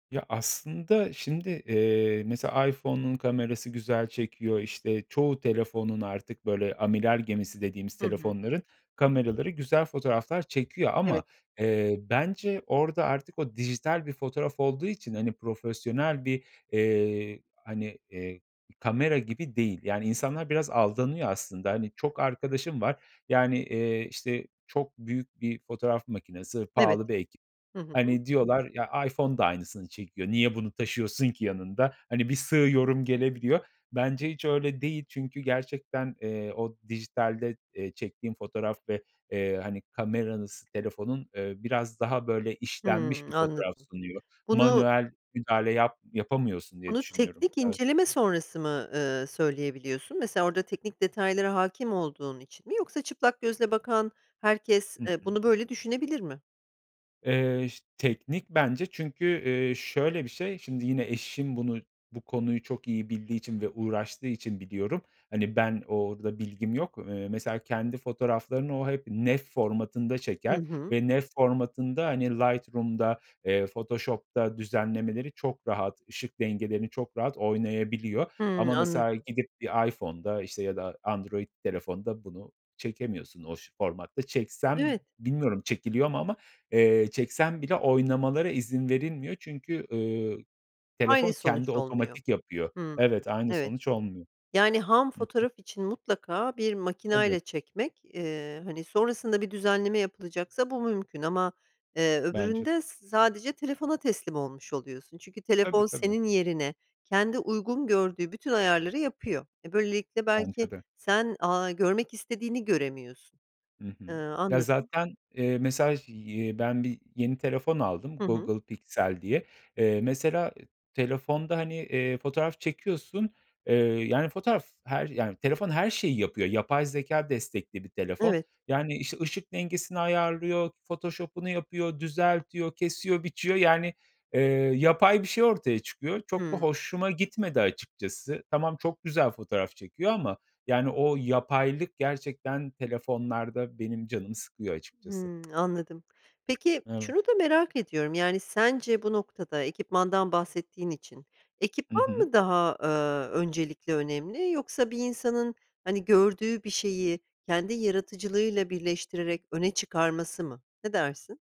Ya, aslında, şimdi, eee, mesela iPhone'un kamerası güzel çekiyor. İşte, çoğu telefonun artık böyle amiral gemisi dediğimiz Hı hı. telefonların kameraları güzel fotoğraflar çekiyor ama, Evet. eee, bence orada artık o dijital bir fotoğraf olduğu için, hani, profesyonel bir, eee, hani, eee, kamera gibi değil. Yani, insanlar biraz aldanıyor aslında. Hani, çok arkadaşım var, yani, eee, işte çok büyük bir fotoğraf makinesi, Evet. pahalı bir ekip Hı hı. Hani, diyorlar, "Ya, iPhone da aynısını çekiyor, niye bunu taşıyorsun ki yanında?" Hani, bir sığ yorum gelebiliyor. Bence hiç öyle değil çünkü gerçekten, eee, o dijitalde, eee, çektiğin fotoğraf ve, eee, hani, kameranız telefonun, eee, biraz daha böyle işlenmiş Hımm, bir fotoğraf anladım. sunuyor. Bunu Manuel müdahale yap yapamıyorsun diye bunu düşünüyorum, teknik evet. inceleme sonrası mı, eee, söyleyebiliyorsun? Mesela orada teknik detaylara hâkim olduğun için mi yoksa çıplak gözle bakan herkes, Hı eee, hı. bunu böyle düşünebilir mi? Eee, ş teknik bence çünkü, eee, şöyle bir şey. Şimdi, yine eşim bunu bu konuyu çok iyi bildiği için ve uğraştığı için biliyorum. Hani, ben orada bilgim yok, eee, mesela kendi fotoğraflarını o hep NEF formatında Hı çeker hı. ve NEF formatında, hani, Lightroom'da, eee, Photoshop'ta düzenlemeleri çok rahat, ışık dengelerini çok rahat oynayabiliyor. Hımm, Ama mesela anladım. gidip bir iPhone'da işte ya da Android telefonda bunu çekemiyorsun. O, ş formatta çeksem Evet. bilmiyorum çekiliyor mu ama, eee, çeksem bile oynamalara izin verilmiyor çünkü, ııı, Aynı telefon sonuç kendi olmuyor. otomatik yapıyor. Hımm, Evet, aynı evet. sonuç olmuyor. Yani ham Hı hı. fotoğraf için mutlaka bir Tabii. makinayla çekmek, eee, hani, sonrasında bir düzenleme yapılacaksa bu mümkün ama, eee, Bence öbüründe s sadece telefona teslim olmuş oluyorsun çünkü Tabii, telefon tabii. senin yerine kendi uygun gördüğü bütün ayarları yapıyor. E, böylelikle belki Bence de. sen, aaa, görmek istediğini göremiyorsun. Hı hı. Iıı, Ya, anladım. zaten, eee, mesaj y ben bir yeni telefon aldım, Hı hı. Google Pixel diye. Eee, mesela e telefonda, hani, eee, fotoğraf çekiyorsun, eee, yani fotoğraf her yani telefon her şeyi yapıyor. Yapay zekâ destekli bir telefon Evet. yani, işte, ışık dengesini ayarlıyor, Photoshop'unu yapıyor, düzeltiyor, kesiyor, biçiyor. Yani, eee, yapay bir şey ortaya çıkıyor. Çok da Hımm. hoşuma gitmedi açıkçası. Tamam, çok güzel fotoğraf çekiyor ama yani o yapaylık gerçekten telefonlarda benim canımı sıkıyor açıkçası. Hımm, anladım. Peki, Evet. şunu da merak ediyorum, yani, sence bu noktada -ekipmandan bahsettiğin için Hı ekipman hı. mı daha, ııı, öncelikli önemli yoksa bir insanın, hani, gördüğü bir şeyi kendi yaratıcılığıyla birleştirerek öne çıkarması mı? Ne dersin?